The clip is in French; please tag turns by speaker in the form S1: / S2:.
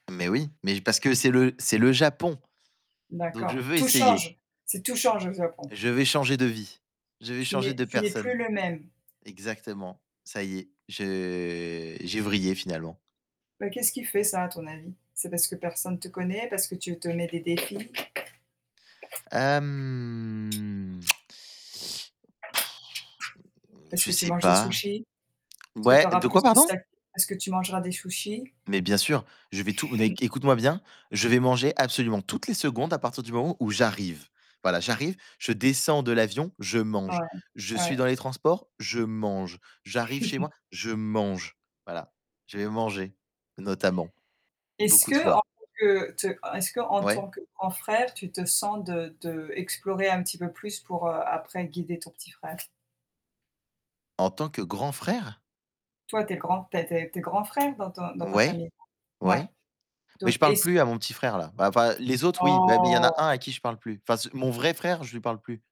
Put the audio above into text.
S1: Mais oui, mais parce que c'est le c'est le Japon. Donc je
S2: D'accord,
S1: veux
S2: tout
S1: essayer.
S2: change. C'est tout change au Japon.
S1: Je vais changer de vie. Je vais
S2: Tu
S1: changer
S2: n'es
S1: de
S2: tu n'es plus
S1: personne.
S2: le même.
S1: Exactement. Ça y est, je j'ai vrillé finalement.
S2: Bah qu'est-ce qui fait ça à ton avis? C'est parce que personne te connaît, parce que tu te mets des défis?
S1: Hem,
S2: Est-ce
S1: je
S2: que tu
S1: sais
S2: manges des
S1: pas.
S2: sushis? Est-ce que tu
S1: Ouais,
S2: auras
S1: de quoi
S2: plus de
S1: pardon?
S2: sacs parce que tu mangeras des sushis?
S1: Mais bien sûr, je vais tout n é écoute-moi bien, je vais manger absolument toutes les secondes à partir du moment où j'arrive. Voilà, j'arrive, je descends de l'avion, je
S2: Ouais,
S1: mange. Je
S2: ouais.
S1: suis
S2: Ouais.
S1: dans les transports, je mange. J'arrive chez moi, je mange, voilà. Je vais manger notamment
S2: Est-ce
S1: beaucoup de
S2: que
S1: fois.
S2: en tant que te est-ce qu'en
S1: Ouais.
S2: tant que grand frère, tu te sens de d'explorer un petit peu plus pour, heu, après guider ton petit frère?
S1: En tant que grand frère?
S2: Toi tu es le grand tu as des tu es grand frère dans ton dans ta
S1: Ouais,
S2: famille? Ouais.
S1: ouais, mais
S2: Donc,
S1: je parle
S2: est-ce
S1: plus à mon petit frère là bah enfin les autres oui, mais il y en a
S2: Oh!
S1: un à qui je parle plus. Enfin c mon vrai frère je lui parle plus.